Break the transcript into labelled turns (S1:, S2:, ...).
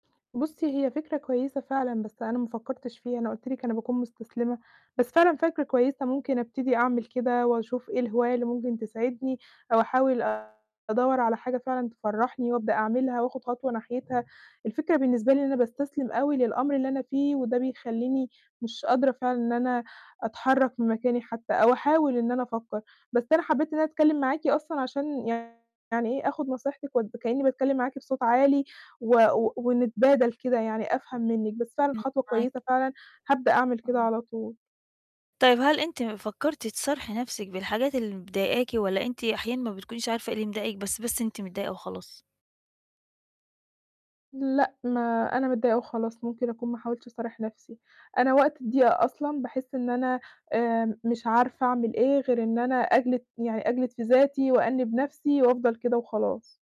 S1: بُصي، هي فكرة كويّسة فعلًا، بس أنا ما فكّرتش فيها، أنا قُلت لِك أنا باكون مُستسلِمة. بس فعلًا فكرة كويّسة، ممكن أبتدي أعمل كده وأشوف إيه الهواية اللي ممكن تسعِدني، أو أحاول أدوّر على حاجة فعلًا تفرّحني وأبدأ أعملها، وآخُد خطوة صناحيتها. الفكرة بالنسبة لي إن أنا باستسلِم أوي للأمر اللي أنا فيه، وده بيخلّيني مش قادرة فعلًا إن أنا أتحرك من مكاني حتى، أو أحاول إن أنا أفكّر. بس أنا حبّيت إن أنا أتكلّم معاكِ أصلًا عشان يعني إيه آخُد نصيحتك و كإني باتكلّم معاكِ بصوت عالي و و ونتبادل كده، يعني أفهم منك. بس فعلًا
S2: امم،
S1: خطوة
S2: معاكِ.
S1: كويّسة فعلًا، هابدأ أعمل كده
S2: آه.
S1: على طول.
S2: طيب هل أنتِ فكّرتي تصارحي نَفْسِك بالحاجات اللي مضايقاكِ، والّا أنتِ أحيانًا ما بتكونيش عارفة إيه اللي مضايقِك بس بس أنتِ متضايقة وخلاص؟
S1: لأ، ما أنا متضايقة وخلاص، ممكن أكون ما حاولتش أصارح نَفْسي. أنا وقت الضيقة أصلًا باحس إن أنا آمم، مش عارفة أعمل إيه غير إن أنا أجلد يعني أجلد في ذاتي، وأنّب نَفْسي، وأفضل كده وخلاص.